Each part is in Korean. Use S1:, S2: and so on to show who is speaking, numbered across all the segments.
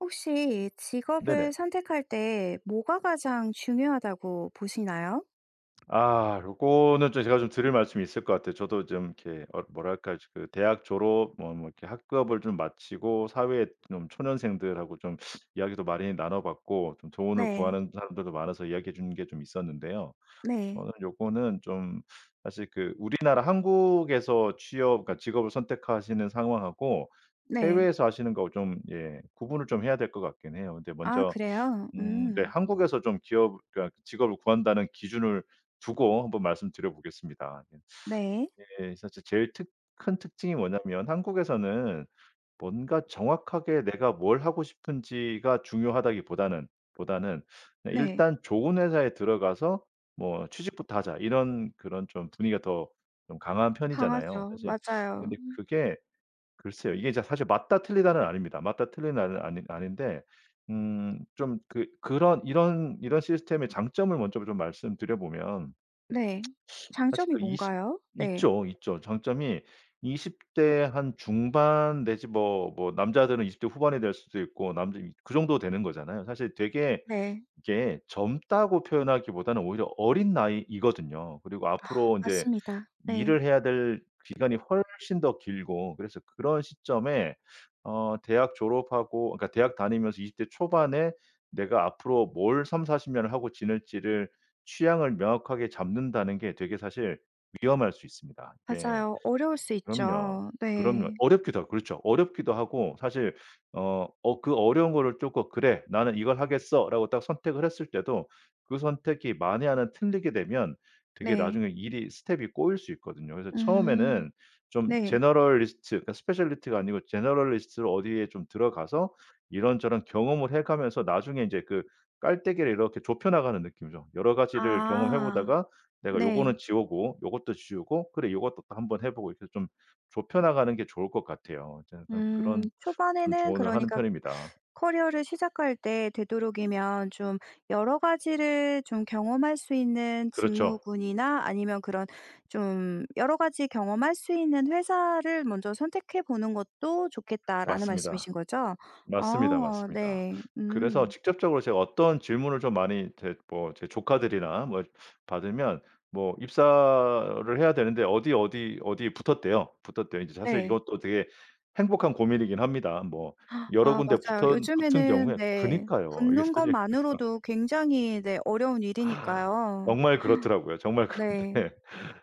S1: 혹시 직업을
S2: 네네.
S1: 선택할 때 뭐가 가장 중요하다고 보시나요?
S2: 아 요거는 좀 제가 좀 드릴 말씀이 있을 것 같아요. 저도 좀 이렇게 어 뭐랄까? 지금 대학 졸업 뭐 뭐 이렇게 학급을 좀 마치고 사회 좀 초년생들하고 좀 이야기도 많이 나눠 봤고 좀 조언을
S1: 네.
S2: 구하는 사람들도 많아서 이야기해 주는 게 좀 있었는데요.
S1: 네.
S2: 저는 요거는 좀 사실 그 우리나라 한국에서 취업 그러니까 직업을 선택하시는 상황 하고
S1: 네.
S2: 해외에서 하시는 거 좀 예 구분을 좀 해야 될 것 같긴 해요. 근데
S1: 아
S2: 먼저
S1: 그래요?
S2: 음 네
S1: 음.
S2: 한국에서 좀 기업 그러니까 직업을 구한다는 기준을 두고 한번 말씀드려보겠습니다. 예.
S1: 네.
S2: 예. 사실 제일 특 큰 특징이 뭐냐면 한국에서는 뭔가 정확하게 내가 뭘 하고 싶은지가 중요하다기보다는, 보다는
S1: 네.
S2: 일단 좋은 회사에 들어가서 뭐 취직부터 하자 이런 그런 좀 분위기가 더 좀 강한 편이잖아요.
S1: 강하죠.
S2: 사실
S1: 맞아요.
S2: 근데 그게 글쎄요. 이게 진짜 사실 맞다 틀리다는 아닙니다. 맞다 틀리다는 아니 아닌데 음 좀 그 그런 이런 이런 시스템의 장점을 먼저 좀 말씀드려 보면
S1: 네.
S2: 사실
S1: 장점이
S2: 그 20
S1: 뭔가요? 네.
S2: 있죠 있죠. 장점이 20 대 한 중반 내지 뭐 뭐 남자들은 20 대 후반이 될 수도 있고 남자 그 정도 되는 거잖아요. 사실 되게
S1: 네.
S2: 이게 젊다고 표현하기보다는 오히려 어린 나이이거든요. 그리고
S1: 아
S2: 앞으로 인제
S1: 맞습니다. 네.
S2: 일을 해야 될 기간이 훨씬 더 길고 그래서 그런 시점에 어 대학 졸업하고 어 그러니까 대학 다니면서 20 대 초반에 내가 앞으로 뭘 30-40 년을 하고 지낼지를 취향을 명확하게 잡는다는 게 되게 사실 위험할 수 있습니다. 이게
S1: 맞아요. 어려울 수
S2: 그럼요.
S1: 있죠.
S2: 그럼요.
S1: 네.
S2: 어렵기도 하고 그렇죠 어렵기도 하고 사실 어 어 그 어려운 거를 쪼끔 '그래 나는 이걸 하겠어.'라고 딱 선택을 했을 때도 그 선택이 만에 하나 틀리게 되면 되게
S1: 네.
S2: 나중에 일이 스텝이 꼬일 수 있거든요. 그래서
S1: 음
S2: 처음에는 좀
S1: 네.
S2: generalist 그러니까 specialist가 아니고 generalist로 어디에 좀 들어가서 이런저런 경험을 해 가면서 나중에 이제 그 깔때기를 이렇게 좁혀나가는 느낌이죠. 여러 가지를 경험해
S1: 아
S2: 보다가 내가
S1: 네.
S2: '요거는 지우고 요것도 지우고 그래 요것도 또 한번 해보고.' 이렇게 좀 좁혀나가는 게 좋을 것 같아요. 전 항상
S1: 음.
S2: 그런 좀
S1: 초반에는
S2: 조언을 하는
S1: 그러니까
S2: 편입니다.
S1: "커리어를 시작할 때 되도록이면 좀 여러 가지를 좀 경험할 수 있는
S2: 그렇죠.
S1: 직무군이나 아니면 그런 좀 여러 가지 경험할 수 있는 회사를 먼저 선택해 보는 것도 좋겠다."라는
S2: 맞습니다.
S1: 말씀이신 거죠?
S2: 맞습니다,
S1: 어
S2: 맞습니다.
S1: 네.
S2: 그래서
S1: 음.
S2: 직접적으로 제가 어떤 질문을 좀 많이 제 뭐 제 조카들이나 뭐 받으면 뭐 입사를 해야 되는데 어디, 어디, 어디 붙었대요. 붙었대요. 이제 사실
S1: 네.
S2: 이것도 되게 행복한 고민이긴 합니다. 뭐 여러
S1: 아
S2: 군데
S1: 맞아요.
S2: 붙은 붙은
S1: 요즘에는
S2: 경우에
S1: 네.
S2: 그니까요. 이게
S1: 붙는
S2: 사실
S1: 거만으로도 굉장히 네 어려운 일이니까요.
S2: 정말 그렇더라고요. 정말
S1: 네.
S2: 그런데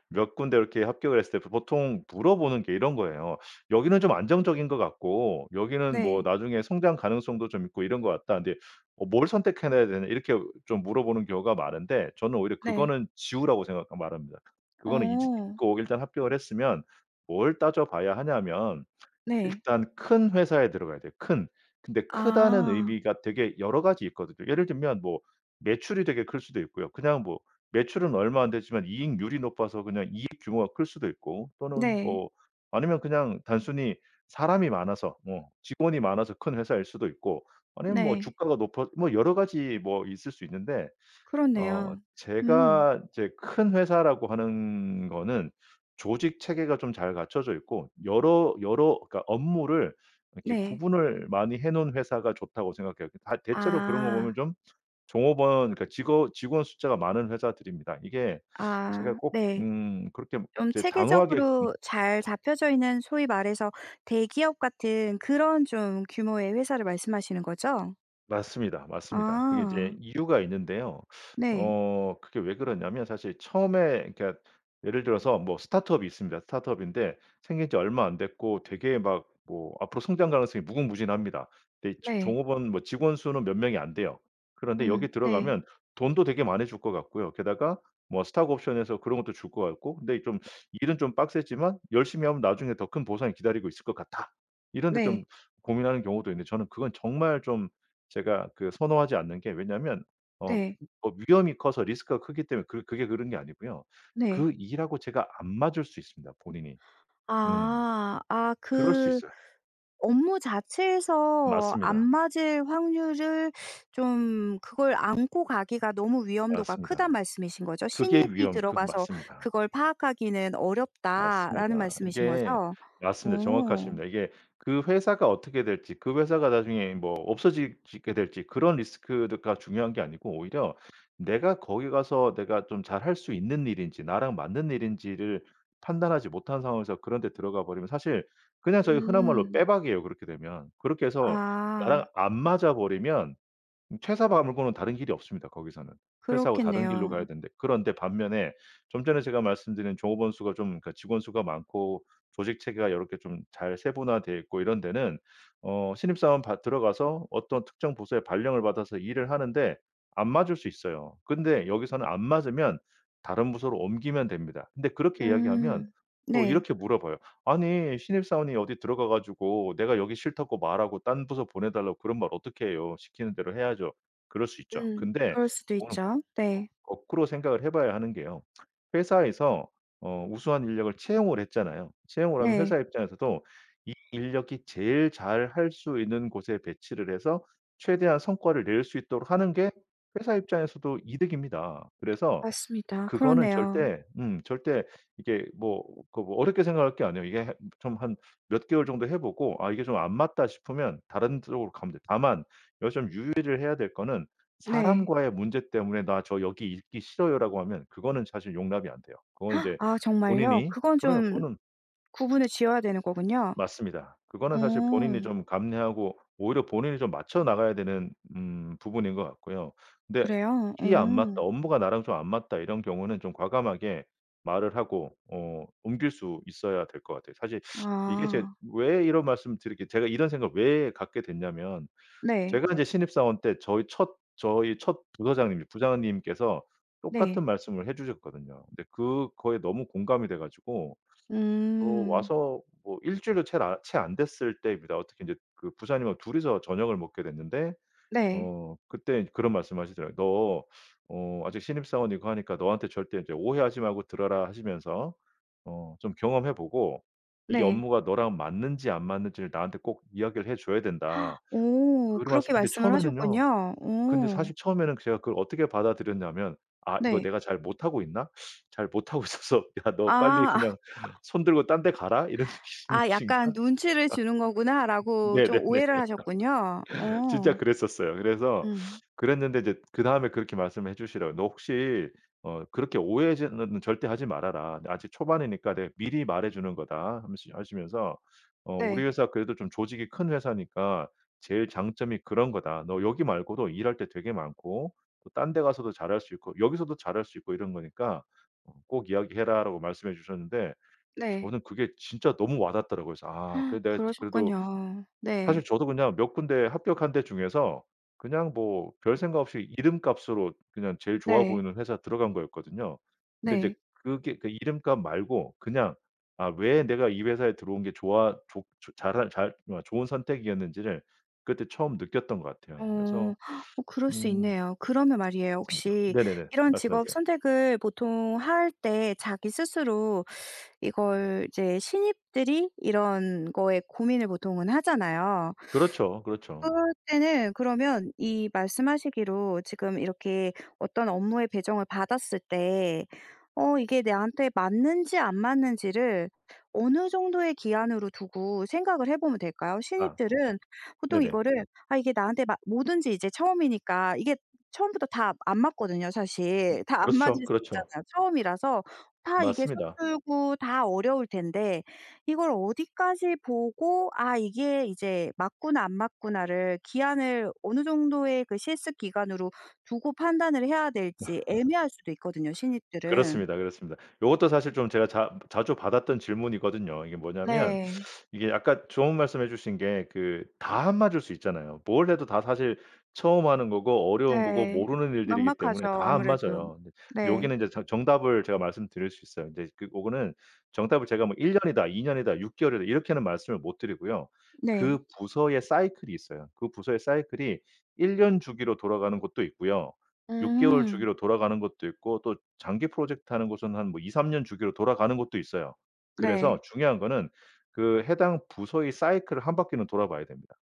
S2: 몇 군데 이렇게 합격했을 때 보통 물어보는 게 이런 거예요. "여기는 좀 안정적인 것 같고 여기는 뭐
S1: 네.
S2: 나중에 성장 가능성도 좀 있고 이런 것 같다. 근데 어 뭘 선택해나야 되냐?" 이렇게 좀 물어보는 경우가 많은데 저는 오히려
S1: 네.
S2: 그거는 지우라고 생각 말합니다. 그거는 잊
S1: 어.
S2: 잊고 일단 합격을 했으면 뭘 따져봐야 하냐면
S1: 네.
S2: 일단 큰 회사에 들어가야 돼요 큰. 근데 크다는
S1: 아.
S2: 의미가 되게 여러 가지 있거든요 예를 들면 뭐 매출이 되게 클 수도 있고요. 그냥 뭐 매출은 얼마 안 되지만 이익률이 높아서 그냥 이익 규모가 클 수도 있고 또는
S1: 네.
S2: 뭐 아니면 그냥 단순히 사람이 많아서 뭐 직원이 많아서 큰 회사일 수도 있고 아니면 뭐
S1: 네.
S2: 주가가 높아 뭐 여러 가지 뭐 있을 수 있는데 어
S1: 그렇네요. 음.
S2: 제가 이제 큰 회사라고 하는 거는 조직 체계가 좀 잘 갖춰져 있고 여러 여러 그러니까 업무를 이렇게
S1: 네.
S2: 구분을 많이 해 놓은 회사가 좋다고 생각해요. 다 대체로 그런 거 보면
S1: 아.
S2: 좀 종업원 그니까 직원 직원 숫자가 많은 회사들입니다. 이게 제가
S1: 아
S2: 꼭
S1: 네.
S2: 음 그렇게
S1: 좀
S2: 이제 단호하게 읍
S1: 체계적으로 잘 잡혀져 있는 소위 말해서 대기업 같은 그런 좀 규모의 회사를 말씀하시는 거죠?
S2: 맞습니다, 맞습니다. 그게 인제
S1: 아.
S2: 이유가 있는데요.
S1: 네.
S2: 어 그게 왜 그러냐면 사실 처음에 그러니까 예를 들어서 뭐 스타트업이 있습니다. 스타트업인데 생긴지 얼마 안 됐고 되게 막 뭐 앞으로 성장 가능성이 무궁무진합니다. 근데 이제
S1: 네.
S2: 종업원 뭐 직원 수는 몇 명이 안 돼요. 그런데
S1: 음.
S2: 여기에
S1: 네.
S2: 들어가면 돈도 되게 많아 줄 것 같고요. 게다가 뭐 스톡옵션에서 그런 것도 줄 것 같고 근데 좀 일은 좀 빡세지만 열심히 하면 나중에 더 큰 보상이 기다리고 있을 것 같아. 이런 데
S1: 네.
S2: 좀 고민하는 경우도 있는데 저는 그건 정말 좀 제가 그 선호하지 않는 게 왜냐하면 어
S1: 네.
S2: 어 위험이 커서 리스크가 크기 때문에 그 그게 그런 게 아니고요.
S1: 네.
S2: 그 일 하고 제가 안 맞을 수 있습니다 본인이. 음
S1: 아. 아
S2: 그럴 수
S1: 그
S2: 있어요.
S1: 업무 자체에서 안
S2: 맞습니다.
S1: 맞을 확률을 좀 그걸 안고 가기가 너무 위험도가 크다는
S2: 맞습니다.
S1: 말씀이신 거죠?
S2: 그게
S1: "신입이
S2: 위험 그
S1: 들어가서
S2: 맞습니다.
S1: 그걸 파악하기는 어렵다."라는
S2: 맞습니다.
S1: 말씀이신
S2: 이게
S1: 거죠?
S2: 맞습니다.
S1: 어.
S2: 정확하십니다. 이게 그 회사가 어떻게 될지 그 회사가 나중에 뭐 없어지 지게 될지 그런 리스크드가 중요한 게 아니고 오히려 내가 거기 가서 내가 좀 잘할 수 있는 일인지 나랑 맞는 일인지를 판단하지 못한 상황에서 그런 데 들어가 버리면 사실 그냥 저희 흔한 말로
S1: 음.
S2: 빼박이에요 그렇게 되면. 그렇게 해서 나랑
S1: 아.
S2: 안 맞아 버리면 퇴사 바 말고는 다른 길이 없습니다 거기서는. 퇴사하고 다른 길로 가야
S1: 그렇겠네요.
S2: 되는데 그런데 반면에 좀 전에 제가 말씀드린 종업원 수가 좀 그러니까 직원 수가 많고 조직체계가 요렇게 좀 잘 세분화 되어 있고 이런 데는 어 신입사원 받 들어가서 어떤 특정 부서에 발령을 받아서 일을 하는데 안 맞을 수 있어요. 근데 여기서는 안 맞으면 다른 부서로 옮기면 됩니다. 근데 그렇게 이야기하면
S1: 음.
S2: 또
S1: 네.
S2: 이렇게 물어봐요. "아니 신입사원이 어디 들어가 가지고 내가 여기 싫다고 말하고 딴 부서 보내달라고 그런 말 어떻게 해요? 시키는 대로 해야죠." 그럴 수 있죠.
S1: 음.
S2: 근데
S1: 그럴 수도
S2: 그거는
S1: 있죠. 네.
S2: 거꾸로 생각을 해 봐야 하는 게요. 회사에서 어 우수한 인력을 채용을 했잖아요. 채용을 하면
S1: 네.
S2: 회사 입장에서도 이 인력이 제일 잘할 수 있는 곳에 배치를 해서 최대한 성과를 낼 수 있도록 하는 게 회사 입장에서도 이득입니다. 그래서
S1: 맞습니다.
S2: 그거는
S1: 그러네요.
S2: 절대, 음 절대 이게 뭐 그 뭐 어렵게 생각할 게 아니에요. 이게 좀 한 몇 개월 정도 해보고 아 이게 좀 안 맞다 싶으면 다른 쪽으로 가면 됩니다. 다만 여기서 좀 유의를 해야 될 거는
S1: 네.
S2: 사람과의 문제 때문에 "나 저 여기 있기 싫어요."라고 하면 그거는 사실 용납이 안돼요 그건 인제
S1: 아 정말요?
S2: 본인이
S1: 그건
S2: 그래요
S1: 좀
S2: 그거는
S1: 구분을 지어야 되는 거군요.
S2: 맞습니다.
S1: 어.
S2: 그거는 사실 본인이 좀 감내하고 오히려 본인이 좀 맞춰 나가야 되는 음 부분인 것 같고요. 근데
S1: 그래요.
S2: 일이 안 맞다
S1: 어.
S2: 업무가 나랑 좀 안 맞다 이런 경우는 좀 과감하게 말을 하고 어 옮길 수 있어야 될 것 같아요. 사실 이게 제
S1: 아.
S2: 왜 이런 말씀을 드리게 제가 이런 생각을 왜 갖게 됐냐면
S1: 네.
S2: 제가 이제 신입사원 때 저의 첫 저의 첫 부서장님이 부장님께서
S1: 네.
S2: 똑같은 말씀을 해 주셨거든요. 근데 그거에 너무 공감이 돼 가지고 어
S1: 음.
S2: 와서 뭐 1 주일도 챌 아 채 안 됐을 때입니다. 어떻게 인제 그 부장님 2 이서 저녁을 먹게 됐는데
S1: 네.
S2: 어 그때 이제 그런 말씀을 하시더라고요. "너 어 아직 신입사원이고 하니까 너한테 절대 이제 오해하지 말고 들어라." 하시면서 "어 좀 경험해 보고 이
S1: 네.
S2: 업무가 너랑 맞는지 안 맞는지를 나한테 꼭 이야기를 해 줘야 된다."
S1: 오
S2: 그런
S1: 그렇게
S2: 말씀 근데
S1: 말씀을
S2: 처음에는요,
S1: 하셨군요.
S2: 근데
S1: 오.
S2: 사실 처음에는 제가 그걸 어떻게 받아들였냐면 '아 이거
S1: 네.
S2: 내가 잘 못하고 있나? 잘 못하고 있어서 야 너 빨리
S1: 아.
S2: 그냥 손들고 딴 데 가라?' 이런 진
S1: 아
S2: 진짜
S1: 약간 '눈치를 주는 거구나'라고 좀
S2: 네네네.
S1: 오해를 하셨군요.
S2: 진짜
S1: 어.
S2: 그랬었어요. 그래서
S1: 음.
S2: 그랬는데 이제 그다음에 그렇게 말씀해 주시더라고요. "너 혹시 어 그렇게 오해하지는 절대 하지 말아라. 아직 초반이니까 내가 미리 말해 주는 거다." 하면시 하시면서 "어 우리
S1: 네.
S2: 회사 그래도 좀 조직이 큰 회사니까 제일 장점이 그런 거다. 너 여기 말고도 일할 때 되게 많고 또 딴 데 가서도 잘할 수 있고 여기 서도 잘할 수 있고 이런 거니까 어 꼭 이야기 해라."라고 말씀해 주셨는데
S1: 네.
S2: 저는 그게 진짜 너무 와닿더라고요. 그래서 아 그래도 내가 그래도
S1: 그러셨군요. 네.
S2: 사실 저도 그냥 몇 군데 합격한 데 중에서 그냥 뭐 별생각 없이 이름값으로 그냥 제일 좋아
S1: 네.
S2: 보이는 회사 들어간 거였거든요. 근데 인제
S1: 네.
S2: 그게 그 이름값 말고 그냥 아 왜 내가 이 회사에 들어온 게 좋아 좋 좋 잘할 잘 뭐 좋은 선택이었는지를 그때 처음 느꼈던 것 같아요.
S1: 어
S2: 그래서
S1: 어 그럴 수
S2: 음.
S1: 있네요. 그러면 말이에요
S2: 맞습니다.
S1: 혹시
S2: 네네네.
S1: 이런 직업
S2: 말씀하세요.
S1: 선택을 보통 할 때 자기 스스로 이걸 이제 신입들이 이런 거에 고민을 보통은 하잖아요.
S2: 그렇죠, 그렇죠.
S1: 그럴 때는 그러면 이 말씀 하시기로 지금 이렇게 어떤 업무에 배정을 받았을 때 어 이게 나한테 맞는지 안 맞는지를 어느 정도의 기한으로 두고 생각을 해 보면 될까요?
S2: 아 고
S1: 신입들은 보통
S2: 네네.
S1: 이거를 아 이게 나한테 맞 뭐든지 이제 처음이니까 이게 처음부터 다 안 맞거든요 사실. 다 안
S2: 그렇죠,
S1: 맞을 수
S2: 그렇죠.
S1: 있잖아요 처음이라서 다 이게
S2: 맞습니다.
S1: 서툴고 다 어려울 텐데 이걸 어디까지 보고 아 이게 이제 맞구나 안 맞구나를 기한을 어느 정도의 그 실습 기간으로 두고 판단을 해야 될지 애매할 수도 있거든요 신입들은.
S2: 그렇습니다, 그렇습니다. 요것도 사실 좀 제가 자 자주 받았던 질문이거든요. 이게 뭐냐면
S1: 네.
S2: 이게 약간 좋은 말씀 해주신 게 그 다 안 맞을 수 있잖아요. 뭘 해도 다 사실 처음 하는 거고 어려운 거고
S1: 네.
S2: 모르는 일들이기
S1: 막막하죠,
S2: 때문에 다 안
S1: 아무래도.
S2: 맞아요. 근데
S1: 네.
S2: 여기는 인제 정 정답을 제가 말씀드릴 수 있어요. 근데 그 고거는 정답을 제가 뭐 1 년이다 2 년이다 6 개월이다 이렇게는 말씀을 못 드리고요.
S1: 네.
S2: 그 부서의 사이클이 있어요. 그 부서의 사이클이 1년 주기로 돌아가는 곳도 있고요. 6 개월
S1: 음.
S2: 주기로 돌아가는 것도 있고 또 장기 프로젝트 하는 곳은 한 뭐 2-3 년 주기로 돌아가는 곳도 있어요. 그래서
S1: 네.
S2: 중요한 거는 그 해당 부서의 사이클을 1 바퀴는 돌아 봐야 됩니다.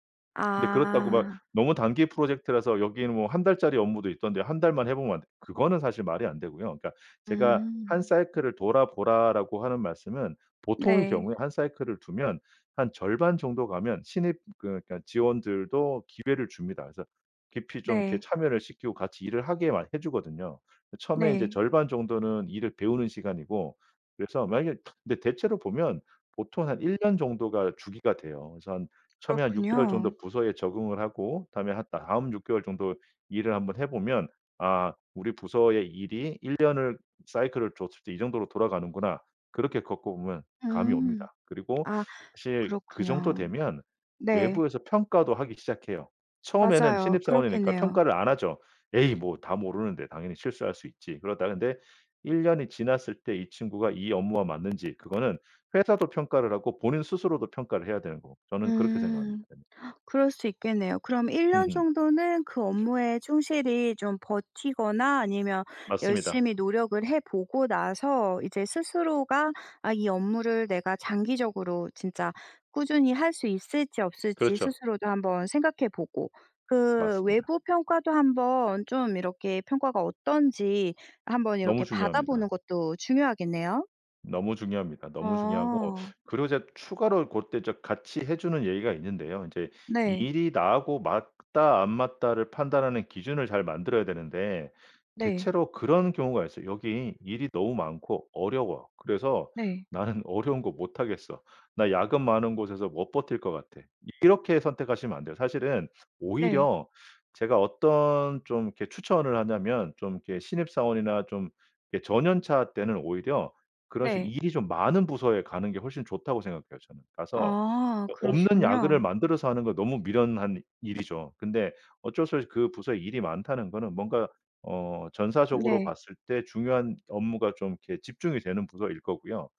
S2: 근데 그렇다고 막
S1: 아.
S2: 너무 단기 프로젝트라서 여기에는 뭐 1 달짜리 업무도 있던데 1 달만 해 보면 안되 그거는 사실 말이 안 되고요. 그러니까 제가 "1
S1: 음.
S2: 사이클을 돌아보라."라고 하는 말씀은 보통의
S1: 네.
S2: 경우에 1 사이클을 두면 한 절반 정도 가면 신입 그러니까 직원들도 기회를 줍니다. 그래서 깊이 좀 이렇게
S1: 네.
S2: 참여를 시키고 같이 일을 하게 막 해주거든요. 처음에 이제
S1: 네.
S2: 절반 정도는 일을 배우는 시간이고 그래서 만약에 근데 대체로 보면 보통 한 1 년 정도가 주기가 돼요. 그래서 한 처음에 한 6 개월
S1: 그렇군요.
S2: 정도 부서에 적응을 하고 다음에 한 다음 6 개월 정도 일을 한번 해 보면 아 우리 부서의 일이 1 년을 사이클을 줬을 때 이 정도로 돌아가는구나 그렇게 겪어보면 감이
S1: 음.
S2: 옵니다. 그리고
S1: 아
S2: 사실 그 정도
S1: 그렇군요.
S2: 되면
S1: 네.
S2: 외부에서 평가도 하기 시작해요. 처음에는
S1: 맞아요
S2: 신입사원이니까
S1: 그렇겠네요.
S2: 평가를 안 하죠. "에이 뭐 다 모르는데 당연히 실수할 수 있지." 그러다 근데 1 년이 지났을 때 이 친구가 이 업무와 맞는지 그거는 회사도 평가를 하고 본인 스스로도 평가를 해야 되는 거고 저는 그렇게 생각합니다.
S1: 음. 그럴 수 있겠네요. 그럼 1 년
S2: 음음.
S1: 정도는 그 업무에 충실히 좀 버티거나 아니면
S2: 맞습니다.
S1: 열심히 노력을 해 보고 나서 이제 스스로가 아 이 업무를 내가 장기적으로 진짜 꾸준히 할 수 있을지 없을지
S2: 그렇죠.
S1: 스스로도 한번 생각해 보고 그
S2: 맞습니다.
S1: 외부 평가도 한번 좀 이렇게 평가가 어떤지 한번
S2: 너무
S1: 이렇게
S2: 중요합니다.
S1: 받아보는 것도 중요하겠네요.
S2: 너무 중요합니다. 너무 중요하고
S1: 어.
S2: 그리고 제가 추가로 고때 같이 해 주는 얘기가 있는데요. 인제
S1: 네.
S2: 일이 나하고 맞다 안 맞다를 판단하는 기준을 잘 만들어야 되는데
S1: 네.
S2: 대체로 그런 경우가 있어요. '여기 일이 너무 많고 어려워. 그래서
S1: 네.
S2: 나는 어려운 거 못하겠어. 나 야근 많은 곳에서 못 버틸 것 같아.' 이렇게 선택하시면 안 돼요. 사실은
S1: 네.
S2: 오히려 제가 어떤 좀 이렇게 추천을 하냐면 좀 이렇게 신입사원이나 좀 이 저년차 때는 오히려 그런 식
S1: 네.
S2: 일이 좀 많은 부서에 가는 게 훨씬 좋다고 생각해요 저는. 가서
S1: 아
S2: 어 없는 야근을
S1: 그러시군요.
S2: 만들어서 하는 건 너무 미련한 일이죠. 근데 어쩔 수 없이 그 부서에 일이 많다는 거는 뭔가 어 전사적으로
S1: 네.
S2: 봤을 때 중요한 업무가 좀 이렇게 집중이 되는 부서일 거고요.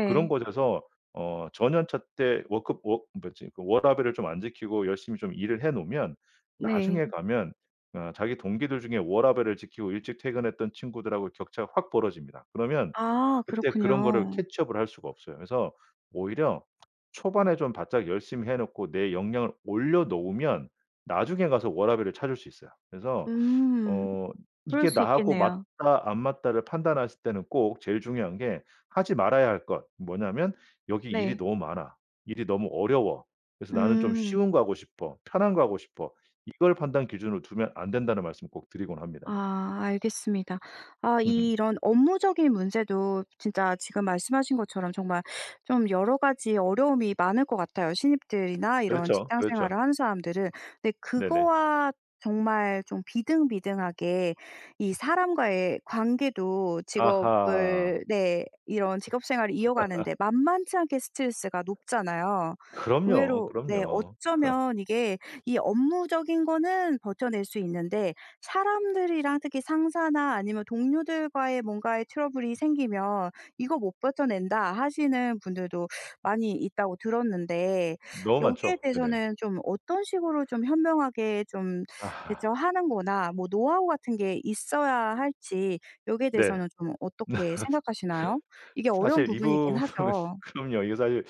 S2: 그런 곳에서 어 저년차 때 워크 워 뭐지 그 워라밸을 좀 안 지키고 열심히 좀 일을 해 놓으면
S1: 네.
S2: 나중에 가면 어 자기 동기들 중에 워라밸을 지키고 일찍 퇴근했던 친구들 하고 격차가 확 벌어집니다. 그러면
S1: 아
S2: 그때 그런 거를
S1: 그렇군요.
S2: 캐치업을 할 수가 없어요. 그래서 오히려 초반에 좀 바짝 열심히 해 놓고 내 역량을 올려 놓으면 나중에 가서 워라밸을 찾을 수 있어요. 그래서
S1: 음.
S2: 어
S1: 그럴
S2: 이게
S1: 수
S2: 나하고
S1: 있겠네요.
S2: 맞다 안 맞다를 판단하실 때는 꼭 제일 중요한 게 하지 말아야 할 것 뭐냐면 '여기 일이
S1: 네.
S2: 너무 많아. 일이 너무 어려워. 그래서 나는 좀
S1: 음.
S2: 쉬운 거 하고 싶어. 편한 거 하고 싶어.' "이걸 판단 기준으로 두면 안 된다."는 말씀 꼭 드리곤 합니다 네.
S1: 아 알겠습니다. 아
S2: 음음.
S1: 이런 업무적인 문제도 진짜 지금 말씀하신 것처럼 정말 좀 여러 가지 어려움이 많을 것 같아요, 신입들이나 이런
S2: 그렇죠,
S1: 직장 생활을
S2: 그렇죠.
S1: 하는 사람들은. 근데
S2: 네네.
S1: 그거와 정말 좀 비등비등하게 이 사람과의 관계도
S2: 아하.
S1: 직업을 네 이런 직업 생활을 이어가는데 만만치 않게 스트레스가 높잖아요.
S2: 그럼요,
S1: 의외로 네
S2: 그럼요.
S1: 어쩌면 이게 이 업무적인 거는 버텨낼 수 있는데 사람들이랑 특히 상사나 아니면 동료들과의 뭔가에 트러블이 생기면 "이거 못 버텨 낸다." 하시는 분들도 많이 있다고 들었는데
S2: 너무
S1: 여기에
S2: 많죠. 네네.
S1: 대해서는 좀 어떤 식으로 좀 현명하게 좀
S2: 아하.
S1: 대처하는 거나 뭐 노하우 같은 게 있어야 할지 여기에
S2: 네.
S1: 대해서는 좀 어떻게 생각하시나요? 이게 어려운
S2: 사실 이
S1: 부분이긴
S2: 부분은
S1: 하죠.
S2: 그럼요. 이게 사실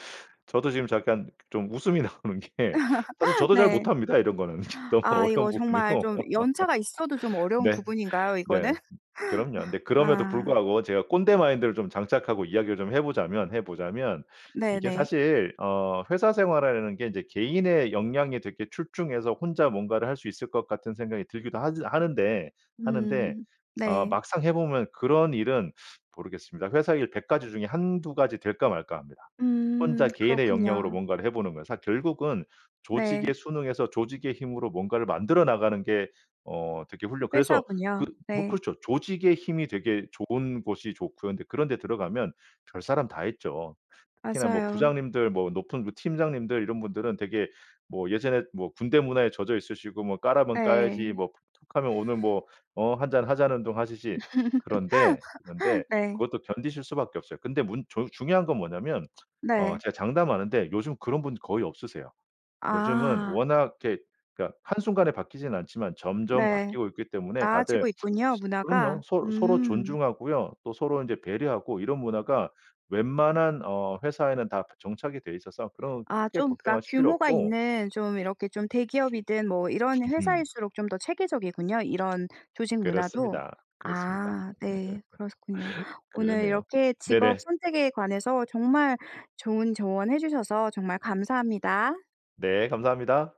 S2: 저도 지금 잠깐 좀 웃음이 나오는 게 사실 저도 잘
S1: 네.
S2: 못합니다 이런 거는. 너무
S1: 아
S2: 어려운
S1: 이거 정말
S2: 부분이고
S1: 좀 연차가 있어도 좀 어려운
S2: 네.
S1: 부분인가요, 이거는?
S2: 네. 그럼요. 근데 그럼에도
S1: 아.
S2: 불구하고 제가 꼰대 마인드를 좀 장착하고 이야기를 좀 해 보자면, 해 보자면 이게
S1: 네네.
S2: 사실 어 회사 생활이라는 게 이제 개인의 역량이 되게 출중해서 혼자 뭔가를 할 수 있을 것 같은 생각이 들기도 하즈 하는데, 하는데
S1: 음
S2: 어
S1: 네.
S2: 막상 해 보면 그런 일은 모르겠습니다. 회사 일 100 가지 중에 1-2 가지 될까 말까 합니다,
S1: 음
S2: 혼자 개인의 역량으로
S1: 그렇군요.
S2: 뭔가를 해 보는 건. 사 결국은 조직에
S1: 네.
S2: 순응해서 조직의 힘으로 뭔가를 만들어 나가는 게 어 되게 훌륭 그래서 그
S1: 회사군요.
S2: 뭐
S1: 네.
S2: 그렇죠. 조직의 힘이 되게 좋은 곳이 좋고요. 근데 그런데 들어가면 별사람 다 있죠. 특히나 뭐
S1: 맞아요.
S2: 부장님들 뭐 높은 그 팀장님들 이런 분들은 되게 뭐 예전에 뭐 군대 문화에 젖어 있으시고 뭐 "까라면 까야지."
S1: 네.
S2: 뭐 툭하면 "오늘 뭐 어 한잔하자."는 둥 하시지. 그런데, 그런데
S1: 네.
S2: 그것도 견디실 수밖에 없어요. 근데 문 종 중요한 건 뭐냐면 어
S1: 네.
S2: 제가 장담하는데 요즘 그런 분들 거의 없으세요. 요즘은
S1: 아.
S2: 워낙 이렇게 그러니까 한순간에 바뀌지는 않지만 점점
S1: 네.
S2: 바뀌고 있기 때문에 다들
S1: 나아지고 있군요 문화가.
S2: 그럼요. 서 서로
S1: 음.
S2: 존중하고요. 또 서로 인제 배려하고 이런 문화가 웬만한 어 회사에는 다 정착이 돼 있어서 그런
S1: 아
S2: 크게
S1: 좀 그러니까
S2: 걱정하실 필요
S1: 규모가
S2: 없고
S1: 있는 좀 이렇게 좀 대기업이든 뭐 이런
S2: 으흠.
S1: 회사일수록 좀 더 체계적이군요, 이런 조직 문화도.
S2: 그렇습니다. 그렇습니다.
S1: 아 네. 그렇군요. 오늘
S2: 그러네요.
S1: 이렇게 직업
S2: 네네.
S1: 선택에 관해서 정말 좋은 조언 해 주셔서 정말 감사합니다.
S2: 네 감사합니다.